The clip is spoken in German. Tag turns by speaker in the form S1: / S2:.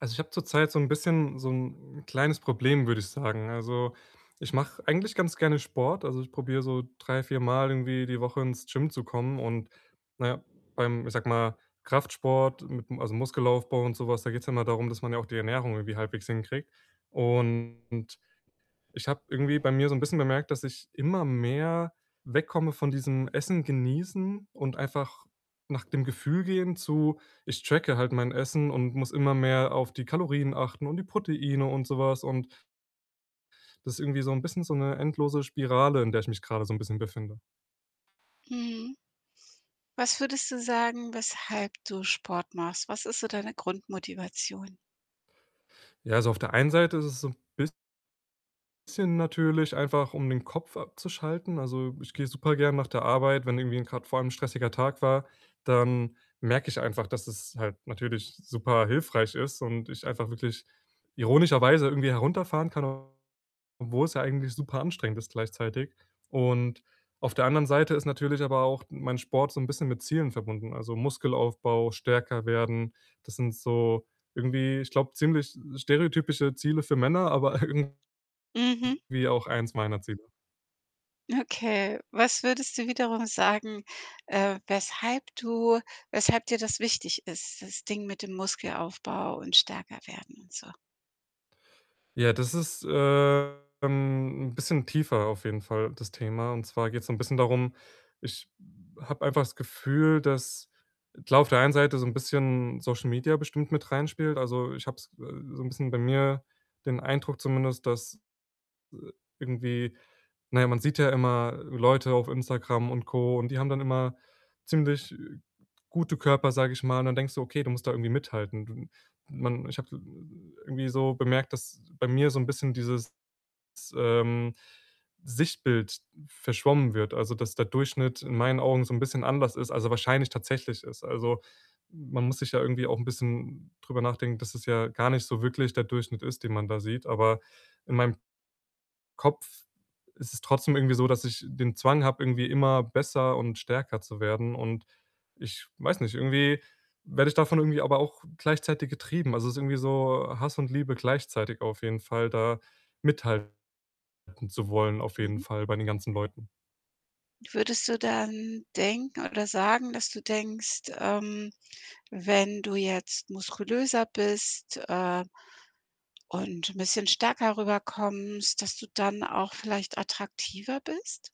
S1: Also, ich habe zurzeit so 'n bisschen so 'n kleines Problem, würde ich sagen. Also, ich mache eigentlich ganz gerne Sport. Also, ich probiere so drei viermal irgendwie die Woche ins Gym zu kommen und, na ja, beim, ich sage mal, Kraftsport mit'm also, Muskelaufbau und so was, da geht's ja immer darum, dass man ja auch die Ernährung irgendwie halbwegs hinkriegt und ich habe irgendwie bei mir so 'n bisschen bemerkt, dass ich immer mehr wegkomme von diesem: „Essen genießen und einfach nach dem Gefühl gehen“, zu: „Ich tracke halt mein Essen und muss immer mehr auf die Kalorien achten und die Proteine und so was.“ Und das ist irgendwie so 'n bisschen so 'ne endlose Spirale, in der ich mich gerade so 'n bisschen befinde.
S2: Mhm. Was würdest du sagen, weshalb du Sport machst? Was ist so deine Grundmotivation?
S1: Ja, also, auf der einen Seite ist es so 'n biss sschen natürlich einfach, um den Kopf abzuschalten. Also, ich gehe supergern nach der Arbeit, wenn irgendwie 'n grad vor allem 'n stressiger Tag war. Dann merke ich einfach, dass es halt natürlich superhilfreich ist und ich einfach wirklich ironischerweise irgendwie herunterfahren kann, obwohl's ja eigentlich superanstrengend ist gleichzeitig und auf der anderen Seite ist natürlich aber auch mein Sport so 'n bisschen mit Zielen verbunden: „Also, Muskelaufbau, stärker werden.“ Das sind so irgendwie, ich glaube, ziemlich stereotypische Ziele für Männer, aber irgendwie
S2: Mhm.
S1: auch eins meiner Ziele.
S2: Okay. Was würdest du wiederum sagen, äh, weshalb du weshalb dir das wichtig ist, das Ding mit dem Muskelaufbau und stärker werden und so?
S1: Ja, das ist, äh, ähm, 'n bisschen tiefer auf jeden Fall, das Thema und zwar geht's so 'n bisschen darum: Ich habe einfach das Gefühl, dass, klar, auf der einen Seite so 'n bisschen Social Media bestimmt mit reinspielt. Also, ich habe es, äh, so 'n bisschen bei mir den Eindruck zumindest, dass, i irgendwie na ja, man sieht ja immer Leute auf Instagram und Co. und die haben dann immer ziemlich gute Körper, sage ich mal und dann denkst du: „Okay, du musst da irgendwie mithalten.“ Du man ich habe i irgendwie so bemerkt, dass bei mir so 'n bisschen dieses, ähm, Sichtbild verschwommen wird. Also, dass der Durchschnitt in meinen Augen so 'n bisschen anders ist als er wahrscheinlich tatsächlich ist. Also, man muss sich ja irgendwie auch 'n bisschen drüber nachdenken, dass es ja gar nicht so wirklich der Durchschnitt ist, den man da sieht. Aber in meinem Kopf ist es trotzdem irgendwie so, dass ich den Zwang habe, irgendwie immer besser und stärker zu werden und ich weiß nicht, irgendwie werde ich davon irgendwie aber auch gleichzeitig getrieben. Also, es ist irgendwie so Hass und Liebe gleichzeitig auf jeden Fall, da mithalten zu wollen auf jeden
S2: Mhm.
S1: Fall bei den ganzen Leuten.
S2: Würdest du dann denken, oder sagen, dass du denkst, ähm, wenn du jetzt muskulöser bist, äh, und 'n bisschen stärker rüberkommst, dass du dann auch vielleicht attraktiver bist?